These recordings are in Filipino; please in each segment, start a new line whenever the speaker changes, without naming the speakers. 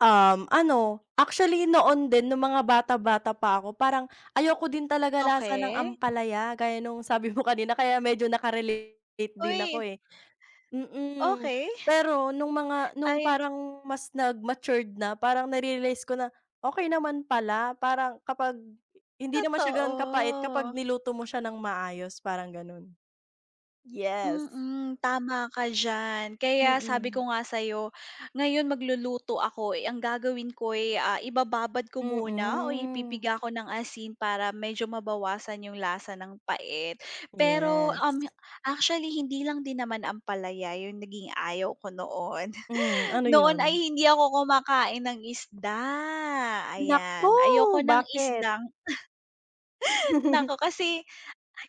Um, ano, actually noon din nung mga bata-bata pa ako parang ayoko din talaga lasa ng
Okey.
ampalaya gaya nung sabi mo kanina kaya medyo naka-relate din ako
Uy!
eh. Mm,
Okey.
pero nung mga nung
Ay.
parang mas nag matured na, parang na-realize ko na, okey naman pala, parang kapag hindi naman siya ganun kapait kapag
Totoo.
niluto mo siya ng maayos, parang ganun. Yes.
Mm, tama ka diyan, kaya sabi
Mm.
ko nga sa'yo ngayon magluluto ako eh, ang gagawin ko'y, ah, ibababad ko muna o
Mm.
ipipiga ko ng asin para medyo mabawasan 'yong lasa ng pait. Pero, um,
Yes.
actually hindi lang din naman ampalaya 'yong naging ayaw ko noon.
Hmm, ano
Noon ay
'yun?
hindi ako kumakain ng isda,
Naku!
ayan, ayoko ng
Bakit?
isdang naku kasi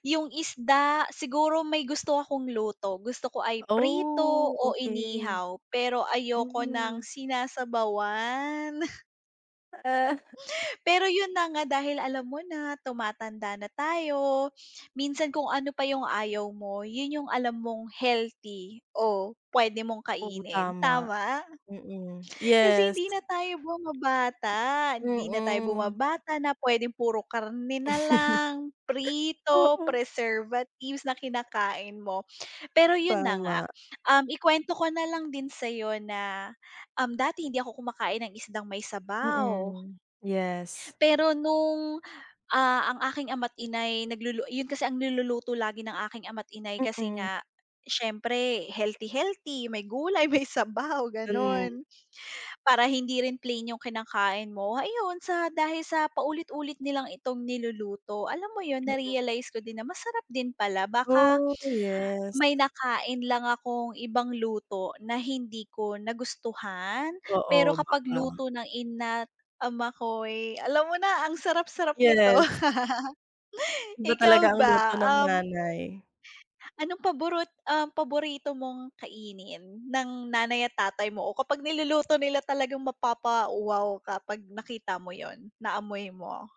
'yung isda, siguro may gusto akong luto, gusto ko ay prito
Oh,
o
okey.
inihaw, pero ayoko
Hmm.
ng sinasabawan.
Ah.
Pero 'yun na nga dahil alam mo na tumatanda na tayo, minsan kung ano pa 'yung ayaw mo 'yun 'yung alam mong healthy o puwede mong
Oo,
kainin,
tama.
tama?
Mm,
Kasi
yes.
hindi na tayo bumabata hindi na tayo
Mm.
bumabata na puwedeng puro karne na lang, prito,
Oo.
preservatives na kinakain mo. Pero 'yun na nga,
Tama.
um, ikuwento ko na lang din sa'yo na, um, dati hindi ako kumakain ng isdang may sabaw.
Mm, yes.
Pero nung, ah, ang aking ama't ina'y naglulu 'yun kasi ang niluluto lagi ng aking ama't ina'y kasi
Mm.
nga, siyempre healthy-healthy, may gulay, may sabaw,
Mm.
gano'n. Para hindi rin plain 'yung kinakain mo, ayon sa dahil sa paulit-ulit nilang itong niluluto, alam mo 'yun
Mm.
narealize ko din na masarap din pala, baka,
Oh, yes.
may nakain lang akong ibang luto na hindi ko nagustuhan, pero
Oo,
kapag
baka.
luto ng ina't ama ko'y, alam mo na ang sarap sarap nito.
Yes. Iba talaga
Ikaw
ang luto
ba?
ng
Um.
nanay.
Anong paborot um, paborito mong kainin, ng nanay at tatay mo o kapag niluluto nila talagang mapapa-wow ka 'pag nakita mo 'yun, naamoy mo?